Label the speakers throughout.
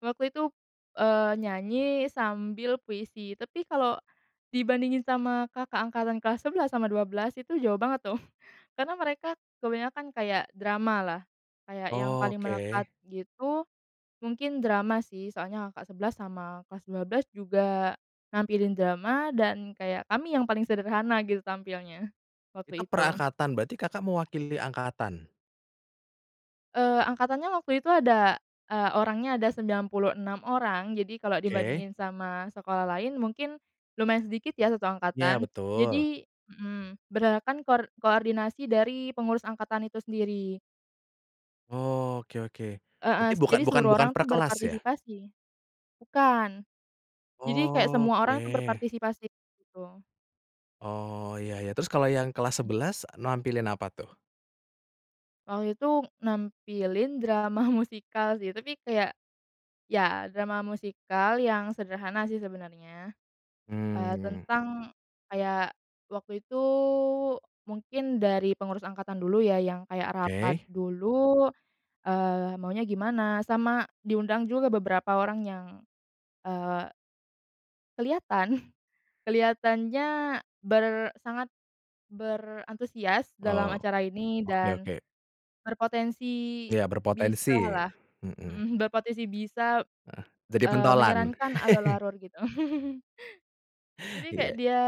Speaker 1: Waktu itu, eee, nyanyi sambil puisi, tapi kalau dibandingin sama kakak angkatan kelas 11 sama 12 itu jauh banget, tuh, karena mereka kebanyakan kayak dramalah. Kayak yang paling melekat,
Speaker 2: Oke.
Speaker 1: gitu, mungkin drama, sih. Soalnya, kakak 11 sama kelas 12 juga nampilin drama, dan, kayak kami yang paling sederhana, gitu, tampilnya,
Speaker 2: Itu
Speaker 1: waktu
Speaker 2: per
Speaker 1: itu.
Speaker 2: angkatan, berarti Kakak mewakili angkatan?
Speaker 1: Eee, angkatannya waktu itu ada e orangnya ada 96 orang. Jadi, kalau
Speaker 2: Oke.
Speaker 1: dibandingin sama sekolah lain, mungkin lumayan sedikit, ya, satu
Speaker 2: Ya,
Speaker 1: angkatan.
Speaker 2: betul.
Speaker 1: Jadi mmm, berdasarkan kor koordinasi dari pengurus angkatan itu sendiri.
Speaker 2: Oke oke.
Speaker 1: Heeh,
Speaker 2: Berarti
Speaker 1: s
Speaker 2: bukan
Speaker 1: jadi
Speaker 2: bukan
Speaker 1: seluruh
Speaker 2: bukan
Speaker 1: orang
Speaker 2: per
Speaker 1: tuh
Speaker 2: kelas, ya?
Speaker 1: berpartisipasi. Bukan. Jadi, kayak semua orang, tuh,
Speaker 2: Oke.
Speaker 1: berpartisipasi, gitu.
Speaker 2: Oh, ya ya. Terus, kalau yang kelas
Speaker 1: Hmm.
Speaker 2: 11 nampilin apa, tuh?
Speaker 1: Waktu itu, nampilin drama musikal sih, tapi kayak ya, drama musikal yang sederhana, sih, sebenarnya. E
Speaker 2: Hmm, mhm.
Speaker 1: tentang kayak, waktu itu mungkin dari pengurus angkatan dulu, ya, yang kayak rapat
Speaker 2: Oke.
Speaker 1: dulu, eee, maunya gimana. Sama diundang juga beberapa orang yang, eee Kelihatan. Kelihatannya ber sangat berantusias dalam
Speaker 2: Oh,
Speaker 1: acara ini
Speaker 2: oke
Speaker 1: dan
Speaker 2: oke.
Speaker 1: berpotensi
Speaker 2: Ya, berpotensi,
Speaker 1: bisalah,
Speaker 2: mhm.
Speaker 1: mhm, berpotensi bisa,
Speaker 2: Heeh, jadi
Speaker 1: eee,
Speaker 2: pentolan?
Speaker 1: menyarankan alur-alur, gitu. Jadi, kayak
Speaker 2: Iya.
Speaker 1: dia,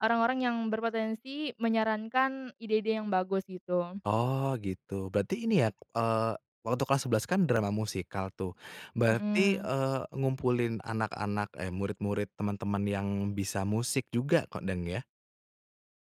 Speaker 1: orang-orang yang berpotensi menyarankan ide-ide yang bagus, gitu.
Speaker 2: Oh, gitu. Berarti ini, ya, eee, waktu kelas 11 kan, drama musikal, tuh, berarti,
Speaker 1: Mhm.
Speaker 2: eee, ngumpulin anak-anak, eh, murid-murid, teman-teman yang bisa musik juga, kok, dang ya?